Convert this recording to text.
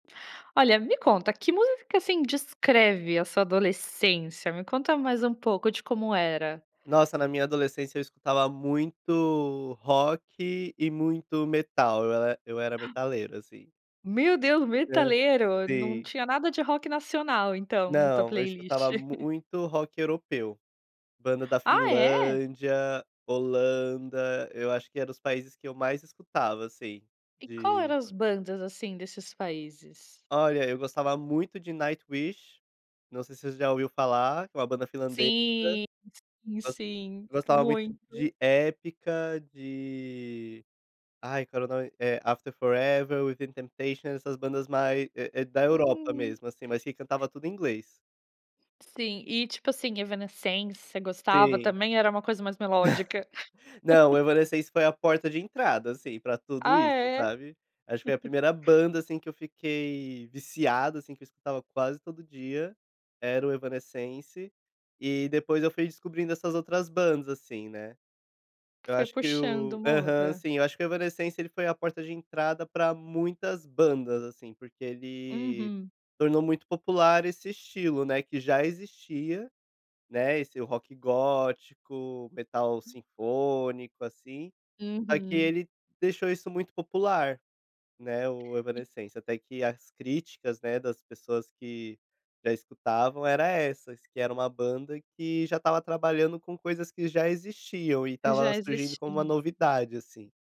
Olha, me conta, que músicas, assim, descreve a sua adolescência? Me conta mais um pouco de como era. Nossa na minha adolescência eu escutava muito rock e muito metal, eu e eu era metaleiro assim. Meu Deus! [unintelligible] Metaleiro? Não Sim. tinha nada de rock nacional então, na tua Não, eu playlist. escutava muito rock europeu. Banda da Ah, é? Finlândia, Holanda, eu acho que era os países que eu mais escutava, assim, E qual de eram as bandas, assim, desses países? Olha, eu gostava muito de Nightwish, não sei se você já ouviu falar, é uma banda finlandesa. Sim, sim, Gos sim, gostava muito muito. de Epica, de ai qual era o nome, eh, After Forever, Within Temptation, essas bandas mais é é da Europa Hum. mesmo, assim, mas que cantava tudo em inglês. Sim. E tipo, assim, Evanescense, você gostava Sim. também ou era uma coisa mais melódica? Não, o Evanescence foi a porta de entrada, assim, para tudo Ah, isso, é? sabe. Acho que foi a primeira banda, assim, que eu fiquei viciado assim, que eu escutava quase todo dia, era o Evanescence e depois eu fui descobrindo essas outras bandas, assim, né. Eu Foi acho que puxando, o aham, Mozart? sim, acho que o Evanescence ele foi a porta de entrada para muitas bandas, assim, porque ele Uhum. tornou muito popular esse estilo, né, que já existia, né, esse rock gótico, metal sinfônico, assim, só que Uhum. ele deixou isso muito popular, né, o E Evanescence, até que as críticas, né, das pessoas que já escutavam era essas, que era uma banda que já estava trabalhando com coisas que já existiam e Que estava já surgindo como uma existia. novidade, assim.